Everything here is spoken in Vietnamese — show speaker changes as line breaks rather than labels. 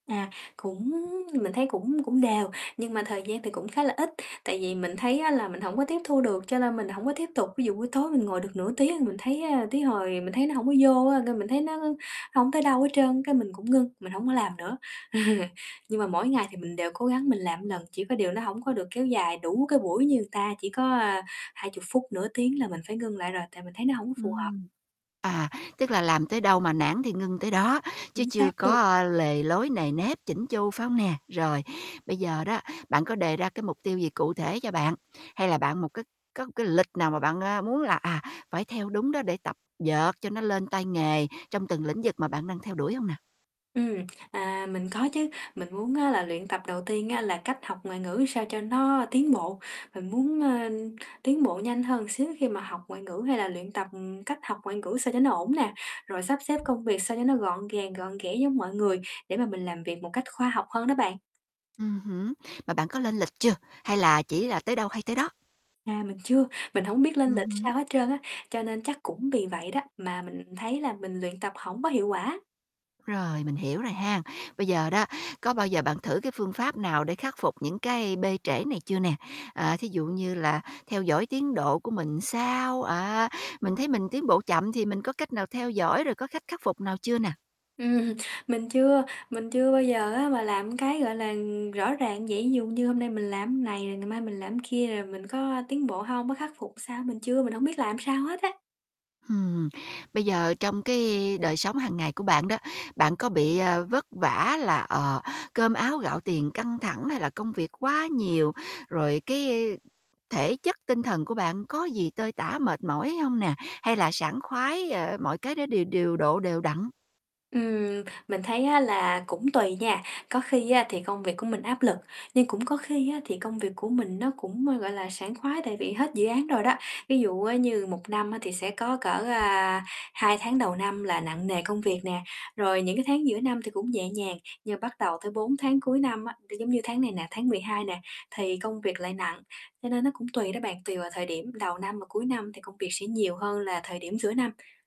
À, cũng mình thấy cũng cũng đều, nhưng mà thời gian thì cũng khá là ít, tại vì mình thấy á là mình hổng có tiếp thu được, cho nên mình hổng có tiếp tục. Ví dụ buổi tối mình ngồi được nửa tiếng, mình thấy, á tới hồi mình thấy nó hổng có vô á, cái mình thấy nó hổng tới đâu hết trơn, cái mình cũng ngưng, mình hổng có làm nữa. Nhưng mà mỗi ngày thì mình đều cố gắng mình làm một lần, chỉ có điều nó hổng có được kéo dài đủ cái buổi như người ta, chỉ có, à, 20 phút, nửa tiếng là mình phải ngưng lại rồi, tại mình thấy nó hổng phù hợp.
Ừm. À, tức là làm tới đâu mà nản thì ngưng tới đó, chứ
Chính xác
chưa có,
luôn.
ơ, lề lối nề nếp chỉn chu, phải hông nè? Rồi, bây giờ đó, bạn có đề ra, cái, mục tiêu gì cụ thể cho bạn, hay là bạn một cái có một cái lịch nào mà bạn, a, muốn là, à, phải theo đúng đó để tập dượt cho nó lên tay nghề trong từng lĩnh vực mà bạn đang theo đuổi hông nè?
Ừm, à, mình có chứ. Mình muốn á là luyện tập, đầu tiên á là cách học ngoại ngữ sao cho nó tiến bộ. Mình muốn, ơ, tiến bộ nhanh hơn xíu khi mà học ngoại ngữ hay là luyện tập, ừm, cách học ngoại ngữ sao cho nó ổn nè, rồi sắp xếp công việc sao cho nó gọn gàng, gọn ghẽ giống mọi người, để mà mình làm việc một cách khoa học hơn đó bạn.
Ừm hứm, mà bạn có lên lịch chưa, hay là chỉ là tới đâu hay tới đó?
À, mình chưa. Mình hổng biết lên
Ừm
lịch
hứm.
sao hết trơn á, cho nên chắc cũng vì vậy đó mà mình thấy là mình luyện tập hổng có hiệu quả.
Rồi, mình hiểu rồi ha. Bây giờ đó, có bao giờ bạn thử cái phương pháp nào để khắc phục những cái bê trễ này chưa nè? À, thí dụ như là theo dõi tiến độ của mình ra sao, á, mình thấy mình tiến bộ chậm thì mình có cách nào theo dõi, rồi có khách khắc phục nào chưa nè?
Ừm, mình chưa. Mình chưa bao giờ á mà làm, cái, gọi là, ừm, rõ ràng như vậy. Ví dụ như hôm nay mình làm này, rồi ngày mai mình làm kia, rồi mình có tiến bộ hông á, khắc phục sao, mình chưa, mình hổng biết làm sao hết á.
Ừm, bây giờ trong cái đời sống hàng ngày của bạn đó, bạn có bị, ờ, vất vả là, ờ, cơm áo gạo tiền căng thẳng, hay là công việc quá nhiều, rồi cái, ư, thể chất tinh thần của bạn có gì tơi tả, mệt mỏi hông nè? Hay là sảng khoái, ờ, mọi cái đó điều điều độ đều đặn?
Ừm, mình thấy á là cũng tùy nha. Có khi á thì công việc của mình áp lực, nhưng cũng có khi á thì công việc của mình nó cũng, ơ, gọi là, sảng khoái, tại vì hết dự án rồi đó. Ví dụ, á, như 1 năm á thì sẽ có cỡ, à, 2 tháng đầu năm là nặng nề công việc nè, rồi những, cái, tháng giữa năm thì cũng nhẹ nhàng. Nhưng bắt đầu tới 4 tháng cuối năm á, nó giống như tháng này nè, tháng 12 nè, thì công việc lại nặng. Cho nên nó cũng tùy đó bạn, tùy vào thời điểm đầu năm và cuối năm thì công việc sẽ nhiều hơn là thời điểm giữa năm.